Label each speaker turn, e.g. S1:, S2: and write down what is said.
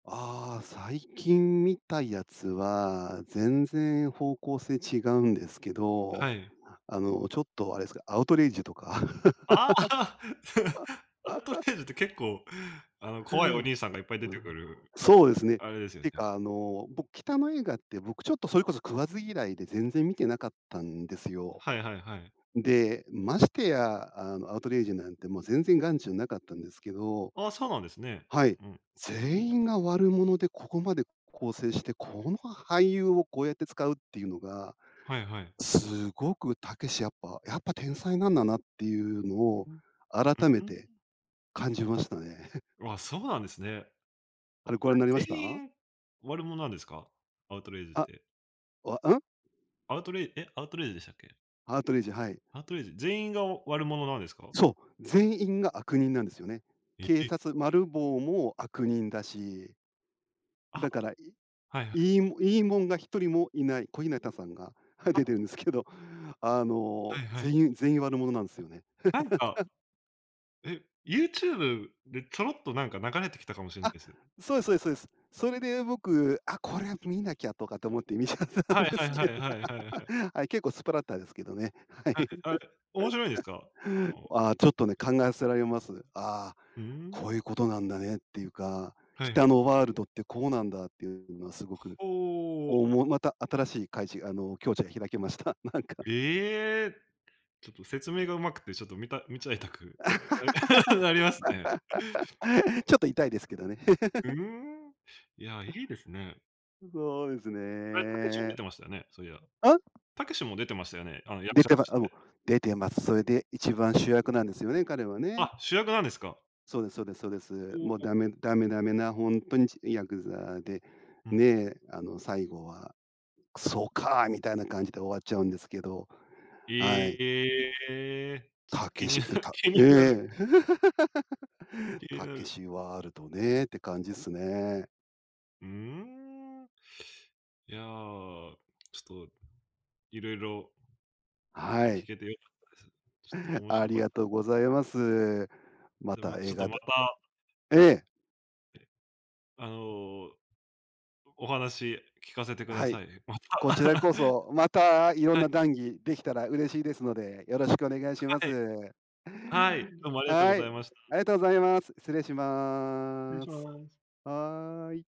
S1: ああ、最近見たやつは、全然方向性違うんですけど、
S2: はい。
S1: あのちょっとあれっすか、アウトレイジとか。
S2: ああ。アウト レイジって結構、あの、怖いお兄さんがいっぱい出
S1: うん、
S2: てくる、
S1: そうですね。
S2: あれですよ
S1: て
S2: ね。
S1: か、あの僕、北野映画って、僕ちょっと、それこそ食わず嫌いで、全然見てなかったんですよ。
S2: はいはいはい。
S1: で、ましてや、あの、アウトレイジなんて、もう全然眼中なかったんですけど、
S2: あ、そうなんですね。
S1: はい。
S2: うん。
S1: 全員が悪者でここまで構成して、この俳優をこうやって使うっていうのが、
S2: はいはい。
S1: すごくたけし、やっぱやっぱ天才なんだなっていうのを、
S2: うん。う、
S1: 改め
S2: うー
S1: て
S2: ん。
S1: 感じましたね。
S2: あ、そうなんですね。
S1: あれ、ご覧になりま
S2: [unintelligible]
S1: し
S2: 全
S1: た？
S2: 員悪者なんですか？アウトレイジっ
S1: あっ、
S2: て。
S1: わ、うん？
S2: アウトレイえ、アウトレイジでしたっけ？
S1: アウトレイジ、はい。
S2: アウトレイジ、全員が悪者なんですか？
S1: そう、全員が悪人なんですよね。
S2: え、
S1: 警
S2: え。
S1: 察、マルボウも、悪人だし。
S2: あ。
S1: だから、い
S2: はいはい、はい。
S1: いいいいもんが1人もいない、小日向さんが、はい、
S2: あ、
S1: 出てる
S2: あ。
S1: んですけど、あの、
S2: はいはい。
S1: 全員全員悪者なんですよね。
S2: なんか。え、YouTube で、ちょろっとなんか、流れてきたかもしんな
S1: あ、
S2: いす。
S1: そうですそうですそうです。それで僕、あ、これは見なきゃとかと思って、見ちゃった
S2: はい
S1: んで
S2: はい
S1: す
S2: は
S1: けど。
S2: いはいはいはい。
S1: はい、結構スプラッタですけどね。はい。
S2: はい、あ、面白いですか？うん。
S1: ああ、ちょっとね、考えさせられます。ああ、
S2: ふーん。
S1: こういうことなんだねっていうか、
S2: はい。
S1: 北野ワールドってこうなんだっていうのは、すごく、
S2: ほお。
S1: おもまた新しい、開示あの境地が開けました。なんか。
S2: ええ！ちょっと説明がうまくて、ちょっと見た見ちゃいたく、な なりますね。
S1: ちょっと痛いですけどね。
S2: ふー ん。いや、いいですね。
S1: ん、そうです
S2: あれ、たけしも出
S1: ね。
S2: てましたよね、そういや。
S1: うん？
S2: たけしも出てましたよね？あの役
S1: 出
S2: 者
S1: て
S2: と
S1: ま
S2: し
S1: あ、もう、
S2: て。
S1: 出てます。それで一番主役なんですよね、彼はね。
S2: あ、主役なんですか。
S1: そうですそうですそうです。
S2: ほ
S1: もう
S2: お。
S1: ダメダメダメなほんとにヤクザで、
S2: うん。
S1: ね、あの最後はそうか、みたいな感じで終わっちゃうんですけど。
S2: え
S1: はい。
S2: えええええ。ちっ
S1: た
S2: と、
S1: け
S2: 気に
S1: し、
S2: な
S1: え、たっ
S2: 気になる。
S1: ええ。
S2: 気に
S1: た
S2: な
S1: け
S2: る。
S1: しワールドね、って感じすね。
S2: うん。いや、ちょっと。いろいろ
S1: は
S2: 聞
S1: い。
S2: けてよかったです。ちょっと面
S1: あ
S2: 白
S1: り
S2: かっ
S1: が
S2: た。
S1: とうございます。ま
S2: でも、
S1: た
S2: ま、ち
S1: 映
S2: ょっと
S1: 画
S2: ま
S1: だ
S2: た
S1: ええ。
S2: ええ、あのお話、聞かせてくだ
S1: はい、
S2: さい、また。
S1: こちらこ そ、またいろん
S2: はい。
S1: な談義できたら嬉しいですので、よろしくお願いしま
S2: はい。
S1: す。
S2: はい、どうもありがとうご
S1: は
S2: ざ
S1: い、
S2: いました。
S1: ありがとうございます。失礼し
S2: 失礼
S1: ま
S2: し
S1: す。
S2: ます。
S1: はい。